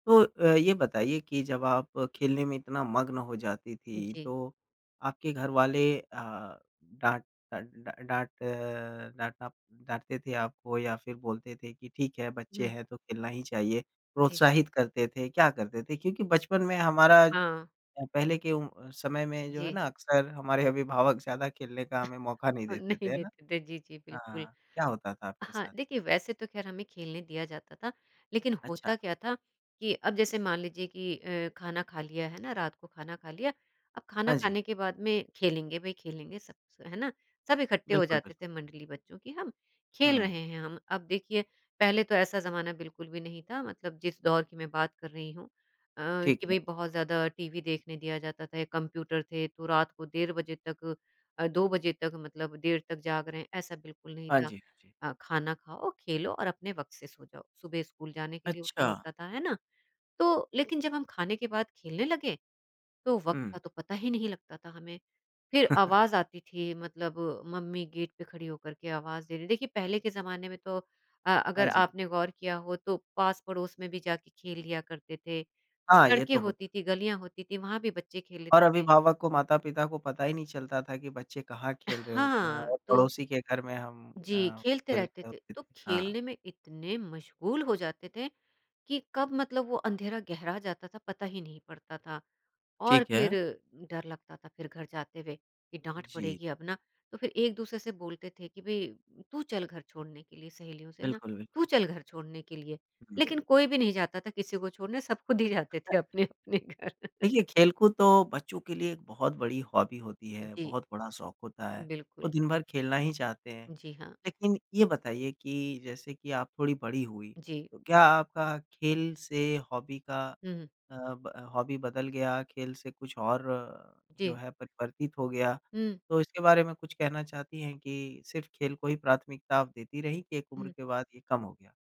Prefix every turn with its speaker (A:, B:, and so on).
A: तो अ, ये बताइए कि जब आप खेलने में इतना मग्न हो जाती थीं
B: जी।
A: तो आपके घर वाले अ, डाँट डा डा डाँट अ, डाँटना डाँटते थे आपको या फिर बोलते थे कि ठीक है बच्चे
B: हुँ।
A: हैं तो खेलना ही चाहिए,
B: जी।
A: प्रोत्साहित करते थे क्या करते थे? क्योंकि बचपन में
B: अ,
A: हमारा अ,
B: हाँ।
A: पहले के उम, समय में जो है
B: जी।
A: ना अक्सर हमारे अभिभावक ज़्यादा खेलने का हमें मौका नहीं
B: अ,
A: देते
B: नहीं
A: थे, है ना?
B: देते थे जी, जी। बिल्कुल,
A: हाँ, क्या होता था आपके
B: हाँ,
A: साथ?
B: देखिए वैसे तो खैर हमें खेलने दिया जाता था, लेकिन
A: अच्छा।
B: होता क्या था कि अब जैसे मान लीजिए कि अ, खाना खा लिया है ना रात को खाना खा लिया, अब खाना
A: हाँ जी।
B: खाने के बाद में खेलेंगे भई खेलेंगे सब से, है ना? सब इकट्ठे हो
A: बिल्कुल,
B: जाते
A: बिल्क
B: थे मंडली बच्चों की हम, खेल
A: हुँ।
B: रहे हैं हम अब देखिए पहले तो ऐसा ज़माना बिल्कुल भी नहीं था मतलब जिस दौर की मैं बात कर रही हूँ। अ,
A: ठीक
B: कि
A: है।
B: भई बहुत ज़्यादा टीवी देखने दिया जाता था या कंप्यूटर थे तो रात को 1:30 बजे तक अ, 2 बजे तक मतलब देर तक जाग रहे हैं ऐसा बिल्कुल नहीं
A: हाँ
B: था।
A: जी, हाँ जी।
B: अ, खाना खाओ, खेलो और अपने वक़्त से सो जाओ, सुबह स्कूल जाने के लिए उठना
A: अच्छा।
B: होता था, है ना? तो लेकिन जब हम खाने के बाद खेलने लगे तो वक़्त
A: हुँ।
B: का तो पता ही नहीं लगता था हमें, फिर आवाज़ आती थी मतलब मम्मी गेट पे खड़ी होकर के आवाज़ दे रही हैं। देखिए पहले के ज़माने में तो अ,
A: हाँ
B: अगर
A: जी।
B: आपने गौर किया हो तो पास-पड़ोस में भी जाके खेल लिया करते थे,
A: हाँ ये
B: सड़कें
A: तो होत
B: होती थीं गलियाँ होती थीं वहाँ भी बच्चे खेल
A: और
B: लेते थे।
A: अभिभावक को माता-पिता को पता ही नहीं चलता था कि बच्चे कहाँ खेल रहे होते हैं
B: हाँ
A: और
B: तो
A: पड़ोसी के घर में हम
B: जी।
A: अ,
B: खेलते
A: खेल
B: रहते
A: ओ
B: थे,
A: केत
B: तो
A: हाँ।
B: खेलने में इतने मशगूल हो जाते थे कि कब मतलब वो अँधेरा गहरा जाता था पता ही नहीं पड़ता था ,और
A: ठीक है।
B: फिर डर लगता था फिर घर जाते हुए, कि डाँट
A: जी।
B: पड़ेगी अब ना, तो फिर एक-दूसरे से बोलते थे कि भई तू चल घर छोड़ने के लिए सहेलियों से ना
A: बिल्कुल, बिल्कुल।
B: तू चल घर छोड़ने के लिए,
A: हुँ,
B: लेकिन
A: हुँ।
B: कोई भी नहीं जाता था किसी को छोड़ने सब खुद ही जाते
A: अ।
B: थे अपने-अपने घर।
A: देखिए खेलकूद तो बच्चों के लिए एक बहुत बड़ी हॉबी होती है,
B: जी।
A: बहुत बड़ा शौक होता है, वो
B: बिल्कुल।
A: दिन भर खेलना ही चाहते हैं।
B: जी हाँ।
A: लेकिन ये बताइए कि जैसे कि आप थोड़ी बड़ी हुईं,
B: जी।
A: तो क्या आपका खेल से हॉबी का
B: हुँ, हुँ।
A: अ, ब हॉबी बदल गया खेल से कुछ और जो
B: जी।
A: है परिवर्तित हो गया?
B: हुँ।
A: तो इसके बारे में कुछ कहना चाहती हैं कि सिर्फ़ खेल को ही प्राथमिकता आप देती रहीं कि एक उम्र
B: हुँ।
A: के बाद ये कम हो गया?